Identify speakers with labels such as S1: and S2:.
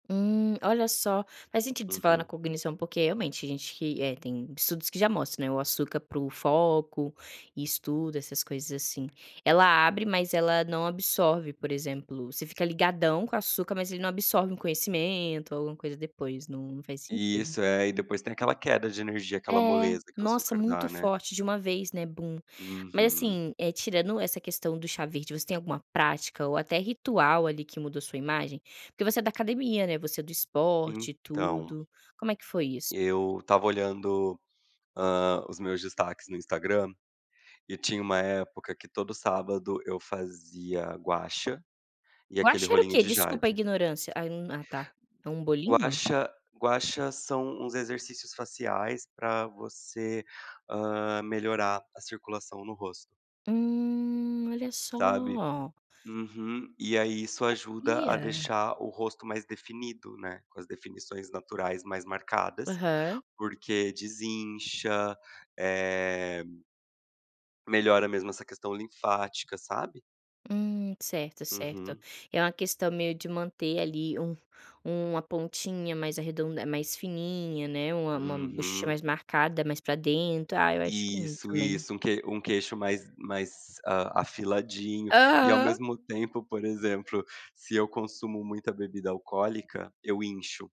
S1: Hum, olha só, faz sentido você falar na
S2: Uhum.
S1: cognição porque, realmente, tem gente que, eh, tem estudos que já mostram, né, o açúcar pro foco e estudo, essas coisas assim, ela abre mas ela não absorve, por exemplo, você fica "ligadão" com açúcar mas ele não absorve um conhecimento ou alguma coisa depois, não faz sentido.
S2: Isso, é, e depois tem aquela queda de energia, aquela
S1: É,
S2: "moleza" que o
S1: nossa,
S2: açúcar
S1: muito
S2: dá, né.
S1: forte, de uma vez, né, "bum". Mas,
S2: Uhum.
S1: assim, eh, tirando essa questão do "chá verde", você tem alguma prática ou até ritual ali que mudou sua imagem? Porque você é da academia, né, você é do esporte e
S2: Então
S1: tudo. Como é que foi isso?
S2: eu tava olhando, hã, os meus destaques no Instagram, e tinha uma época que todo sábado eu fazia Gua Sha, e
S1: "Gua
S2: aquele
S1: Sha" era o
S2: rolinho
S1: quê?
S2: de
S1: Desculpa a
S2: jade
S1: ignorância. Ah, hum, ah tá. É um
S2: Gua
S1: bolinho?
S2: Sha, Gua Sha são uns exercícios faciais pra você, hã, melhorar a circulação no rosto
S1: Hum, olha
S2: sabe.
S1: só.
S2: Uhum, e aí isso ajuda a
S1: Sabia.
S2: deixar o rosto mais definido, né, com as definições naturais mais marcadas,
S1: Aham.
S2: porque desincha, eh melhora mesmo essa questão linfática, sabe.
S1: Hum, certo, certo.
S2: Uhum.
S1: É uma questão meio de manter ali, um uma pontinha mais arredonda mais fininha, né, uma uma buchecha
S2: Uhum.
S1: mais marcada, mais para dentro. Ah, eu acho lindo
S2: Isso,
S1: também.
S2: isso, um que um queixo mais mais, ah, afiladinho e ao
S1: Aham.
S2: mesmo tempo, por exemplo, se eu consumo muita bebida alcoólica, eu incho.